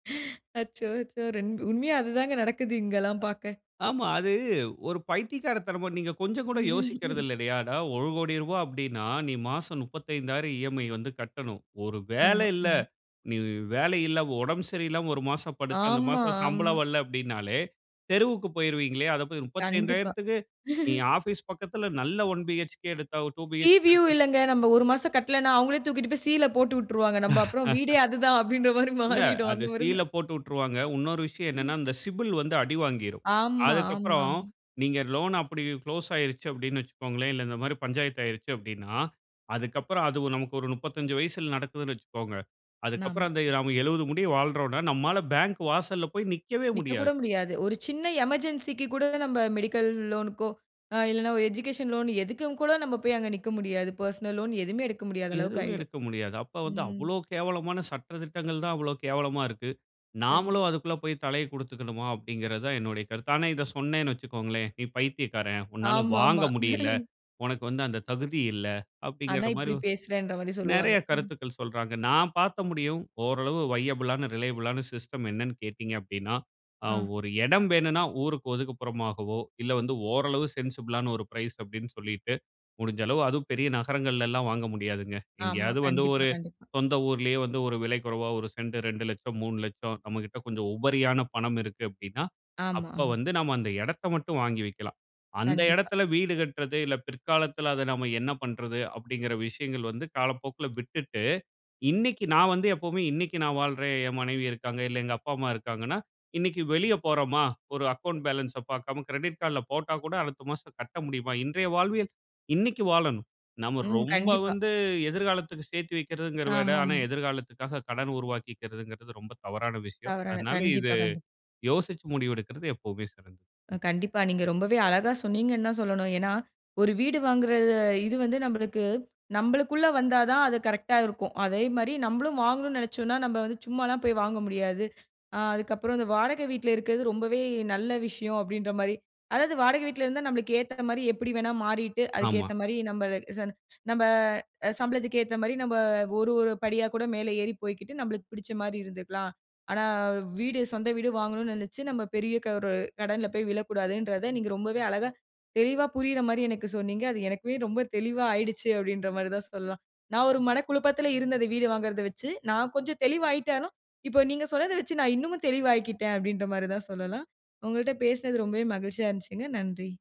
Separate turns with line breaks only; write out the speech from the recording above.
அச்சோ! அச்சோ! ரென்ட் உண்மையா அது தாங்க நடக்குது இங்கெல்லாம் பாக்க.
ஆமா, அது ஒரு பைத்தியக்காரத்தனமா நீங்க கொஞ்சங்கூட
ம்ஹ்ம்.
யோசிக்கிறது இல்லயாடா? ரூ. 1,00,00,000 அப்டினா, நீ மாசம் 35,000 இஎம்ஐ வந்து கட்டணும். ஒரு வேல
ஆமா.
இல்ல,
ம்.
நீ வேல இல்ல, உடம்பு சரியில்லாம ஒரு மாசம் படுத்து அந்த
ஆமா.
மாசம்
ஆமா.
சம்பளம் வல்ல அப்டினாலே, தெருவுக்கு போய்ருவீங்களே! அந்த
கண்டிப்பா.
35,000க்கு நீ ஆபீஸ் பக்கத்துல நல்ல ஒன் பீஹெச்கே எடுத்தா ஒரு டூ
சி
பீஹெச்கே
வியூ
எடுத்தா
இல்லங்க, நம்ம 1 மாசம் கட்லேனா அவுங்களே தூக்கிட்டு போயி சீல போட்டு விட்டுருவாங்க. அப்புறம் வீடே அதுதான் அப்டின்ற மாரி
இல்ல,
மாறிடும்.
அது
அந்த மாரி
சீல
தான்.
போட்டு உட்ருவாங்க. உன்னொரு விஷயம் என்னனா,
ம்
அந்த சிபில் வந்து அடிவாங்கிரும்.
ஆமா. ஆமா.
அதுக்கப்பறம்
ஆமா.
நீங்க லோன் அப்டி குளோஸ் ஆயிருச்சி அப்டினு வச்சுக்கோங்களே, இல்ல இந்த மாரி பஞ்சாயத்து ஆயிருச்சி அப்டினா, அதுக்கப்பறம் அது நமக்கு ஒரு 35 வயசுல நடக்குதுனு வச்சுக்கோங்க.
நாம்ம.
அதுக்கப்புறம் அந்த நாம 70 முடிய வாழ்றோனா, நம்மால பேங்க் வாசல்ல போயி நிக்கவே
நிக்க
முடியாது.
கூட முடியாது. ஒரு சின்ன எமர்ஜென்சிக்கு கூட நம்ம மெடிக்கல் லோன்க்கோ, இல்லன்னா ஒரு எஜிகேஷன் லோன் எதுக்கும் கூட நம்ம போயி அங்கு நிக்க முடியாது. பெர்சனல் லோன் எதுமே எடுக்க முடியாத அளவுக்கு
எதுமே
ஆயிடும்.
எடுக்க முடியாது. அப்ப வந்து,
ம்.
அவ்ளோ கேவலமான சட்ட திட்டங்கள் தான் அவ்ளோ கேவலமா இருக்கு.
கண்டிப்பா.
நாமளும் அதுக்குள்ள போய் தலைய குடுத்துக்கணுமா? அப்டிங்கிறதா என்னுடைய கருத்து. ஆனா, இத சொன்னேன்னு வச்சுக்கோங்களேன், நீ பைத்தியக்காரன், உன்னால
ஆமா.
வாங்க
ஆமா.
முடியல, உனக்கு வந்து அந்த தகுதி இல்ல,
ஆனா,
அப்டிங்கிற மாரி
இப்டி பேசுறேன்ற மாரி சொல்லுவாங்க.
நெறைய
ம்.
கருத்துக்கள் சொல்றாங்க. நான் பாத்த முடியும் ஓரளவு வையபிளான, ரிலையபிளான சிஸ்டம் என்னன்னு கேட்டீங்க அப்டின்னா. அ,
ஆ.
ஒரு எடம் வேணும்னா ஊருக்கு ஒதுக்குப்புறமாகவோ, இல்ல வந்து ஓரளவு சென்சிபிளான ஒரு பிரைஸ் அப்டின்னு சொல்லிட்டு, முடிஞ்ச அளவு அதுவும் பெரிய நகரங்கள்ல எல்லாம் வாங்க முடியாதுங்க.
ஆமா.
எங்கேயாவது வந்து
கண்டிப்பா,
ஒரு
கண்டிப்பா.
சொந்த ஊர்லயே வந்து ஒரு விலை குறைவா, 1 சென்ட் 2,00,000 3,00,000 நம்மகிட்ட கொஞ்சம் உபரியான பணம் இருக்கு அப்டின்னா,
ஆமா.
அப்ப
ஆமா.
வந்து நாம அந்த எடத்த மட்டும் வாங்கி வைக்கலாம். அந்த
கண்டிப்பா.
எடத்துல வீடு கட்டுறது, இல்ல பிற்காலத்துல அத நாம என்ன பண்றது அப்டிங்கிற விஷயங்கள் வந்து காலப்போக்குல விட்டுட்டு, இன்னிக்கு நான் வந்து எப்பவுமே. இன்னிக்கு நான் வாழ்றேன், என் மனைவி இருக்காங்க, இல்ல எங்க அப்பா, அம்மா இருக்காங்கன்னா, இன்னிக்கு வெளிய போறோமா, ஒரு அக்கவுண்ட் பேலன்ஸ் பாக்காம கிரெடிட் கார்டுல போட்டா கூட அடுத்த மாசம் கட்ட முடியுமா? இன்றைய வாழ்வியல், இன்னிக்கு வாழணும். நாம
ம்.
ரொம்ப
கண்டிப்பா.
வந்து எதிர்காலத்துக்கு சேத்தி வக்கிறதுங்கிறத விட ஆனா,
ஆமாமா.
எதிர்காலத்துக்காக கடன் உருவாக்கிக்குறதுங்கிறது ரொம்ப தவறான விஷயம்.
தவறான,
அதனால இது
கண்டிப்பா. கண்டிப்பா.
யோசிச்சு முடிவெடுக்கிறது எப்பவுமே சிறந்தது. ம்.
கண்டிப்பா. நீங்க ரொம்பவே அழகா சொன்னீங்கனு தான் சொல்லணும். ஏன்னா, ஒரு வீடு வாங்குறது. இது வந்து நம்மளுக்கு, நம்மளுக்குள்ள வந்தா தான் அது கரெக்ட்டா இருக்கும். அதே மாரி, நம்ளும் வாங்கணும்னு நெனச்சோம்னா நம்ம வந்து சும்மால்லாம் போயிவாங்க முடியாது. ஆ, அதுக்கப்பறம் இந்த வாடகை வீட்ல இருக்கறது ரொம்பவே நல்ல விஷயம் அப்டின்ற மாரி. அதாவது, வாடகை வீட்ல இருந்தா நமக்கு ஏத்தா மாரி எப்டிவேணா மாறிட்டு, அதுக்கு
ஆமா.
ஏத்தா மாரி நம்ம சம் நம்ம சம்பளத்துக்கு ஏத்தா மாரி, நம்ம ஒரு ஒரு படி கூட மேலே ஏறி போயிகிட்டு நம்ளுக்கு பிடிச்ச மாரி இருந்துகலாம். ஆனா, வீடு, சொந்த வீடு வாங்கணும் நெனச்சி நம்ம பெரிய ஒரு, கடன்ல போயி விழக்கூடாதுன்றத நீங்க ரொம்பவே அழகா, தெளிவா புரியிற மாரி எனக்கு சொன்னீங்க. அது எனக்குமே ரொம்ப தெளிவா ஆயிடுச்சி அப்டின்ற மாரி தான் சொல்லலாம். நான் ஒரு மனக்குழப்பத்துல இருந்தது வீடு வாங்குறத வச்சி, நான் கொஞ்சம் தெளிவாயிட்டாலும், இப்ப நீங்க சொன்னத வச்சி நான் இன்னமும் தெளிவாயிகிட்டேன், அப்டின்ற மாரிதான் சொல்லலாம். உங்கள்ட்ட பேசுனது ரொம்பவே மகிழ்ச்சியா இருந்துச்சிங்க. நன்றி.